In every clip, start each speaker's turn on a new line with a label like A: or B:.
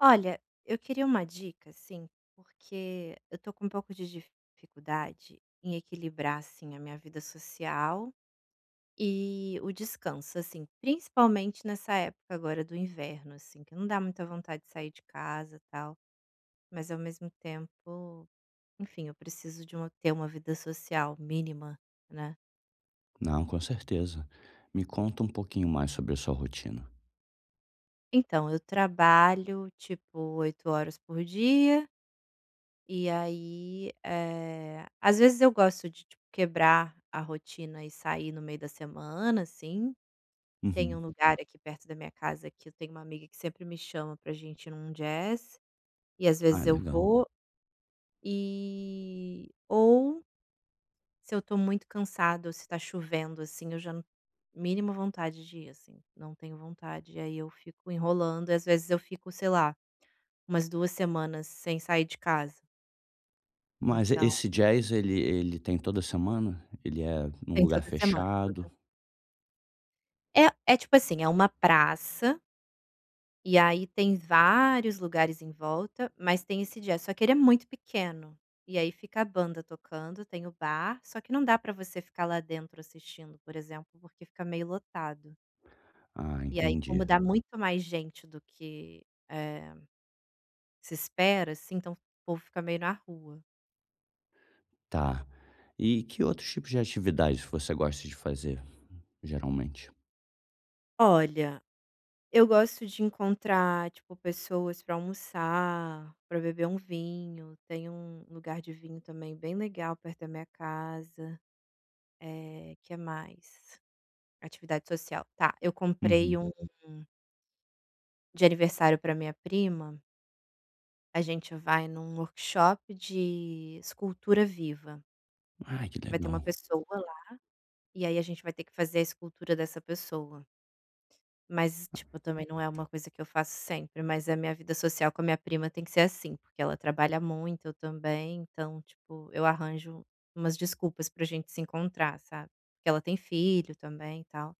A: Olha, eu queria uma dica, assim, porque eu tô com um pouco de dificuldade em equilibrar, assim, a minha vida social e o descanso, assim, principalmente, nessa época agora do inverno, assim, que não dá muita vontade de sair de casa tal, mas ao mesmo tempo Enfim, eu preciso de uma ter uma vida social mínima, né.
B: Não, com certeza. Me conta um pouquinho mais sobre a sua rotina.
A: Então, eu trabalho, tipo, 8 horas por dia. E aí, eh, às vezes, eu gosto de tipo quebrar a rotina e sair no meio da semana, assim. Tem um
B: Uhum.
A: lugar aqui perto da minha casa que eu tenho uma amiga que sempre me chama para gente ir num jazz, e às vezes,
B: Ai,
A: eu
B: legal.
A: vou. Eh, ou se eu tô muito cansada, ou se tá chovendo assim, eu já não mínima vontade de ir, assim, não tenho vontade e aí eu fico enrolando e às vezes, eu fico, sei lá, umas 2 semanas sem sair de casa.
B: Mas
A: Então
B: esse jazz, ele ele tem toda semana? Ele é num
A: Tem
B: lugar
A: toda semana,
B: fechado?
A: toda É. É, tipo assim, é uma praça e aí, tem vários lugares em volta, mas tem esse jazz, só que ele é muito pequeno, e aí fica a banda tocando. Tem o bar, só que não dá pra você ficar lá dentro assistindo, por exemplo, porque fica meio lotado
B: Ah,
A: e aí,
B: entendi.
A: como dá muito mais gente do que, eh, se espera, assim, então o povo fica meio na rua.
B: Tá. E que outros tipos de atividades você gosta de fazer geralmente?
A: Olha, eu gosto de encontrar, tipo, pessoas para almoçar, pra beber um vinho, tem um lugar de vinho também bem legal perto da minha casa. Eh, que mais? Atividade social, tá. Eu comprei
B: Uhum.
A: um de aniversário pra minha prima a gente vai num workshop de escultura viva
B: Ai que
A: vai ter uma
B: legal.
A: pessoa lá, e aí a gente vai ter que fazer a escultura dessa pessoa. Mas, tipo, também não é uma coisa que eu faço sempre, mas, eh, minha vida social com a minha prima tem que ser assim, porque ela trabalha muito, eu também. Então, tipo, eu arranjo umas desculpas pra gente se encontrar, sabe, porque ela tem filho também e tal.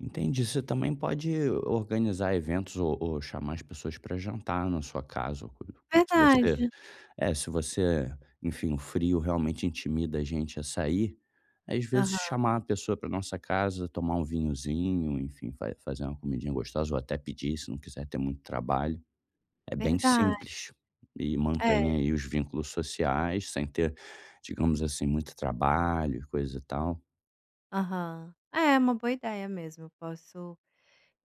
B: Entendi. Você também pode organizar eventos, ou ou chamar as pessoas pra jantar na sua casa, [unintelligible] se você
A: Verdade.
B: eh, se você enfim, o frio realmente intimida a gente a sair, aí, às vezes,
A: Aham.
B: chamar a pessoa pra nossa casa, tomar um vinhozinho, enfim, vai fazer uma comidinha gostosa, ou até pedir, se não quiser ter muito trabalho, é bem
A: Verdade.
B: simples e mantém
A: É.
B: aí os vínculos sociais sem ter, digamos assim, muito trabalho e coisa e tal.
A: Aham. É, uma boa ideia mesmo, eu posso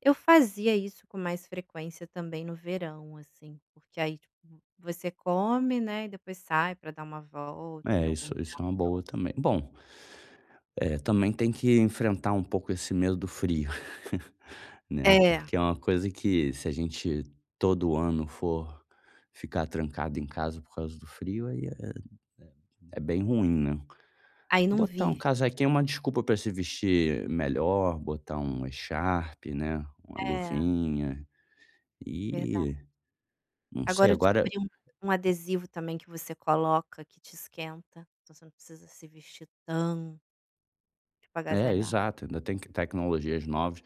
A: eu fazia isso com mais frequência também no verão, assim, porque aí tipo você come, né, e depois sai pra dar uma volta em
B: É,
A: algum
B: isso
A: tempo
B: isso é uma
A: próximo.
B: boa também. Bom, eh, também tem que enfrentar um pouco esse medo do frio, né.
A: É.
B: Porque é uma coisa que, se a gente todo ano for ficar trancado em casa por causa do frio, aí é é é bem ruim, né?
A: Aí não
B: Botar um
A: vive, né.
B: casaquinho é uma desculpa pra se vestir melhor, botar uma echarpe, né, uma
A: É.
B: luvinha
A: Verdade.
B: e não sei
A: Agora eu
B: agora
A: descobri um um adesivo também que você coloca que te esquenta, então você não precisa se vestir tão tipo
B: É,
A: agasalha
B: exato, ainda tem que tecnologias novas.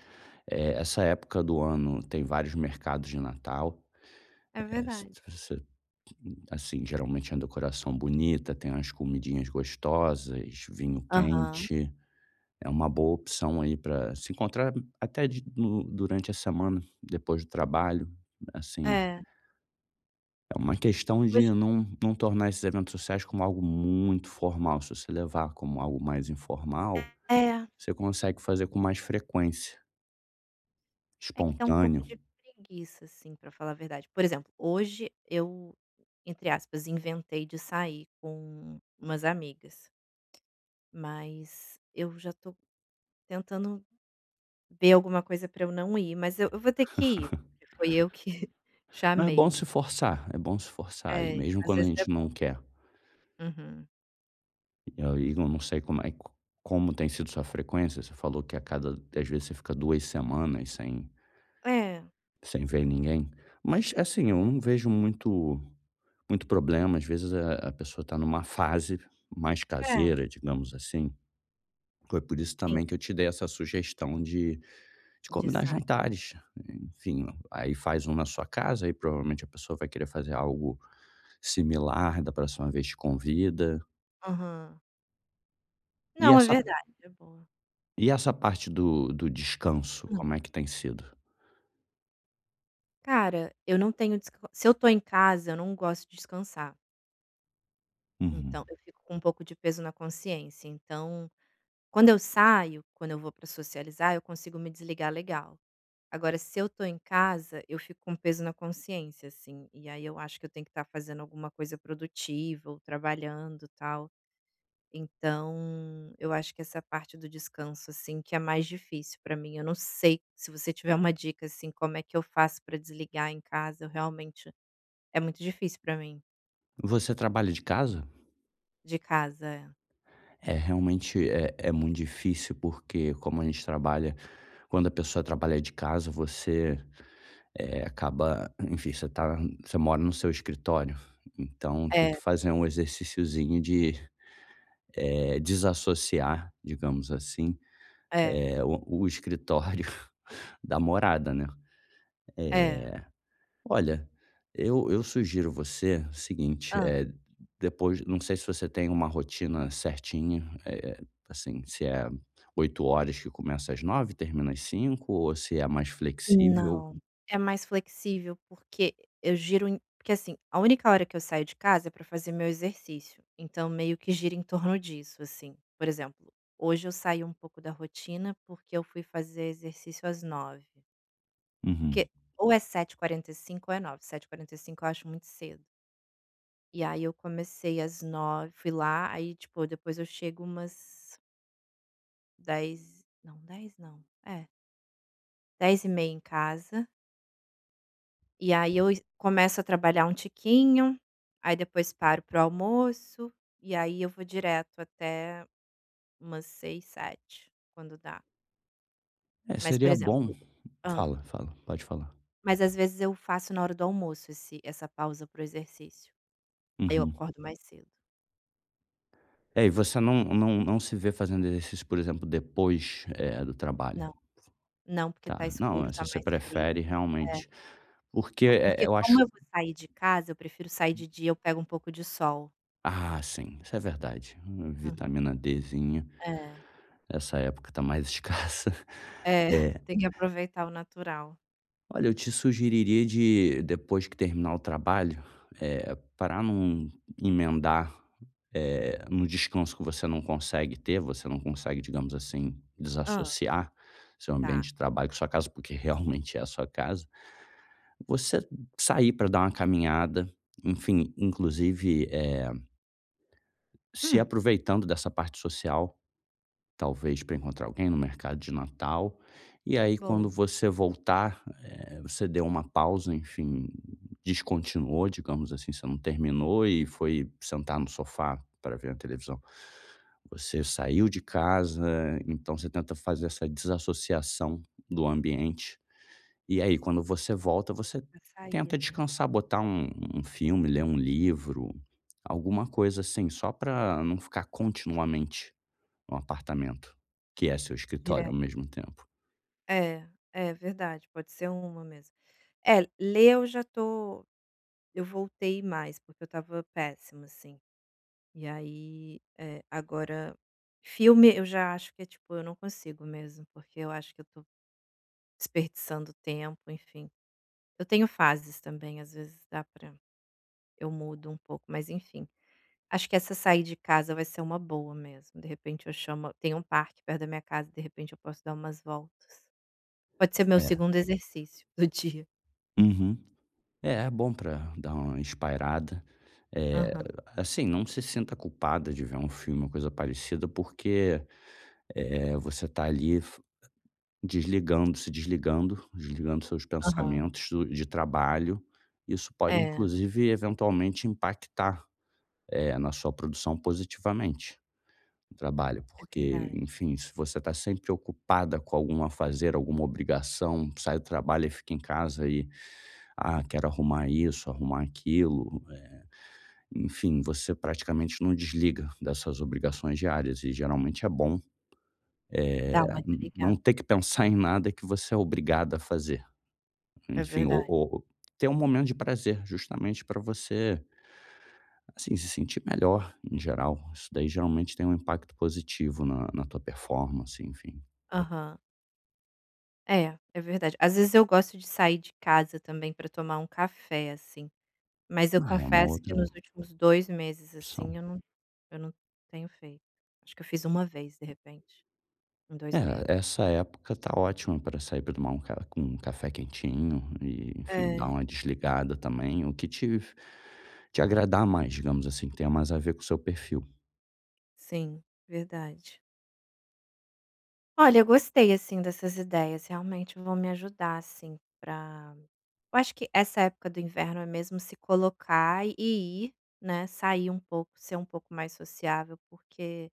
B: Eh, essa época do ano tem vários mercados de Natal,
A: É
B: eh,,
A: verdade.
B: [unintelligible] assim, geralmente é uma decoração bonita, tem umas comidinhas gostosas, vinho
A: Aham.
B: quente, é uma boa opção aí pra se encontrar até de no durante a semana, depois do trabalho, assim.
A: É.
B: É uma questão de
A: Hoje
B: não não tornar esses eventos sociais como algo muito formal. Se você levar como algo mais informal,
A: É, é.
B: você consegue fazer com mais frequência.
A: É que dá um pouco
B: Espontâneo.
A: de preguiça, assim, pra falar a verdade, por exemplo, hoje eu, entre aspas, inventei de sair com umas amigas. Mas eu já tô tentando ver alguma coisa pra eu não ir. Mas eu eu vou ter que ir, porque foi eu que
B: Não, é bom
A: chamei.
B: se forçar, é bom se forçar. Ir
A: É,
B: mesmo
A: às
B: quando a
A: vezes é
B: gente
A: bom.
B: não quer.
A: Uhum.
B: E aí eu não sei como é co como tem sido sua frequência, você falou que a cada que às vezes você fica 2 semanas sem,
A: É.
B: sem ver ninguém. Mas assim eu não vejo muito muito problemas às vezes, eh, a pessoa tá numa fase mais
A: É.
B: caseira, digamos assim. Foi por isso
A: Sim.
B: também que eu te dei essa sugestão de de
A: De
B: combinar
A: sai
B: jantares, enfim, aí faz um na sua casa e provavelmente a pessoa vai querer fazer algo similar, da próxima vez te convida.
A: Aham.
B: E
A: Não, é
B: essa
A: verdade. É boa.
B: e essa parte do do descanso,
A: Hum.
B: como é que tem sido?
A: Cara, eu não tenho desca se eu estou em casa, eu não gosto de descansar.
B: Uhum.
A: Então, eu fico com um pouco de peso na consciência, então, quando eu saio, quando eu vou pra socializar, eu consigo me desligar legal. Agora, se eu estou em casa, eu fico com um peso na consciência, assim, e aí eu acho que eu tenho que estar fazendo alguma coisa produtiva ou trabalhando, tal. Então, eu acho que essa parte do descanso, assim, que é mais difícil pra mim. Eu não sei se você tiver uma dica, assim, como é que eu faço pra desligar em casa, realmente, é muito difícil para mim.
B: Você trabalha de casa?
A: De casa, é.
B: É, realmente é é muito difícil porque, como a gente trabalha quando a pessoa trabalha de casa, você, eh, acaba enfim, você tá você mora no seu escritório, então, tem que
A: É.
B: fazer um exerciciozinho de, eh, desassociar, digamos assim,
A: É.
B: eh, o o escritório da morada, né. Eh,
A: É.
B: olha, eu eu sugiro você o seguinte:
A: Hã.
B: eh, depois, não sei se você tem uma rotina certinha, eh, assim, se é 8h que começa às 9h e termina às 17h ou se é mais flexível.
A: Não. É mais flexível porque e eu giro em que assim, a única hora que eu saio de casa é pra fazer meu exercício, então, meio que gira em torno disso, assim. Por exemplo: hoje eu saí um pouco da rotina, porque eu fui fazer exercício às 9h.
B: Uhum.
A: Porque ou é 7h45 ou é 9h. 7h45 eu acho muito cedo. E aí eu comecei às 9h, fui lá, aí, tipo, depois eu chego umas 10, não, 10 não. É 10h30 em casa e aí eu e começo a trabalhar um tiquinho, aí depois paro pro almoço, e aí eu vou direto até umas 18h, 19h, quando dá.
B: É,
A: Mas, por
B: seria bom
A: exemplo hã?
B: Fala, fala. Pode falar.
A: Mas, às vezes, eu faço na hora do almoço esse essa pausa pro exercício. Eu
B: Uhum.
A: acordo mais cedo.
B: É, e você não não não se vê fazendo exercício, por exemplo, depois, eh, do trabalho?
A: Não. Não, porque tá
B: Tá. Não,
A: escuro,
B: eh,
A: tá
B: se você
A: mais
B: prefere
A: frio. É.
B: realmente porque,
A: Co
B: eh,
A: porque,
B: eu
A: como
B: acho
A: eu vou sair de casa, eu prefiro sair de dia, eu pego um pouco de sol.
B: Ah, sim, isso é verdade. Uma
A: Uhum.
B: vitamina Dzinha.
A: É.
B: Essa época tá mais escassa.
A: É,
B: É.
A: tem que aproveitar o natural.
B: Olha, eu te sugeriria de, depois que terminar o trabalho, eh, para num emendar, eh, num descanso que você não consegue ter, você não consegue, digamos assim,
A: Hã.
B: desassociar seu
A: Tá.
B: ambiente de trabalho com a sua casa, porque realmente é a sua casa, você sair pra dar uma caminhada, enfim, inclusive, eh se
A: Hum.
B: aproveitando dessa parte social, talvez pra encontrar alguém no mercado de Natal, e aí quando
A: Bom.
B: você voltar, eh, você deu uma pausa, enfim, descontinuou, digamos assim, você não terminou e foi sentar no sofá pra ver uma televisão. Você saiu de casa, então você tenta fazer essa desassociação do ambiente, e aí, quando você volta, você
A: Pra sair,
B: tenta
A: né?
B: descansar, botar um um filme, ler um livro, alguma coisa assim, só pra não ficar continuamente no apartamento, que é o seu escritório ao
A: Direto.
B: mesmo tempo.
A: É, é verdade, pode ser uma mesmo. É, ler eu já tô eu voltei mais, porque eu estava péssima, assim, e aí, eh, agora filme eu já acho que, é tipo, eu não consigo mesmo, porque eu acho que eu tô desperdiçando tempo, enfim. Eu tenho fases também, às vezes dá pra eu mudo um pouco mas, enfim. Acho que essa "sair de casa" vai ser uma boa mesmo, de repente eu chamo tem um parque perto da minha casa, de repente eu posso dar umas voltas. Pode ser meu
B: É.
A: 2º exercício do dia.
B: Uhum. É, é bom para dar uma espairada. Eh,
A: Aham.
B: assim, não se sinta culpada de ver um filme ou coisa parecida, porque, eh, você tá ali f desligando, se desligando, desligando seus
A: Aham.
B: pensamentos do de trabalho. Isso pode
A: É.
B: inclusive eventualmente impactar, eh, na sua produção positivamente do trabalho.
A: É
B: Porque,
A: verdade.
B: enfim, se você tá sempre preocupada com algum afazer, alguma obrigação, sai do trabalho e fica em casa e: "Ah, quero arrumar isso, arrumar aquilo", eh, enfim, você praticamente não desliga das suas obrigações diárias e geralmente é bom,
A: Dar uma
B: eh, n não
A: desligada.
B: ter que pensar em nada que você é obrigada a fazer.
A: É
B: Enfim, o
A: verdade.
B: ou ter um momento de prazer justamente pra você assim, se sentir melhor em geral. Isso daí geralmente tem um impacto positivo na na tua performance, enfim.
A: Aham. É, é verdade. Às vezes eu gosto de sair de casa também pra tomar um café, assim. Mas eu
B: Na real é uma
A: confesso que
B: outra
A: nos últimos 2 meses,
B: opção.
A: assim, eu não eu não tenho feito, acho que eu fiz 1 vez, de repente, em 2 meses.
B: É, essa época tá ótima pra sair pra tomar um ca um café quentinho, e, enfim, dar
A: É.
B: uma desligada também o que te f te agradar mais, digamos assim, que tenha mais a ver com o seu perfil.
A: Sim, verdade. Olha, eu gostei assim dessas ideias, realmente vão me ajudar, assim, pra eu acho que essa época do inverno é mesmo se colocar e ir, né, sair um pouco, ser um pouco mais sociável, porque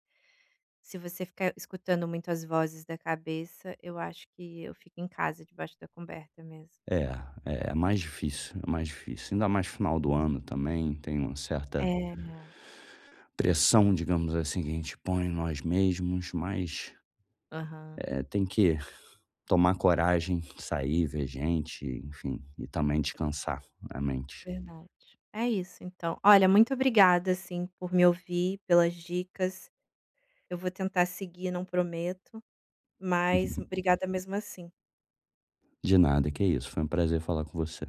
A: se você ficar escutando muito as vozes da cabeça eu acho que eu fico em casa debaixo da coberta mesmo.
B: É, é. É mais difícil, é mais difícil. Ainda mais final do
A: [unintelligible]
B: ano, também, tem uma certa
A: É.
B: pressão, digamos assim, que a gente põe em nós mesmos. Mas,
A: Aham.
B: eh, tem que tomar coragem, sair, ver gente, enfim, e também descansar a mente.
A: Verdade. É isso, então. Olha, muito obrigada, assim, por me ouvir, pelas dicas, eu vou tentar seguir, não prometo, mas, obrigada mesmo assim.
B: De nada, que isso. Foi um prazer falar com você.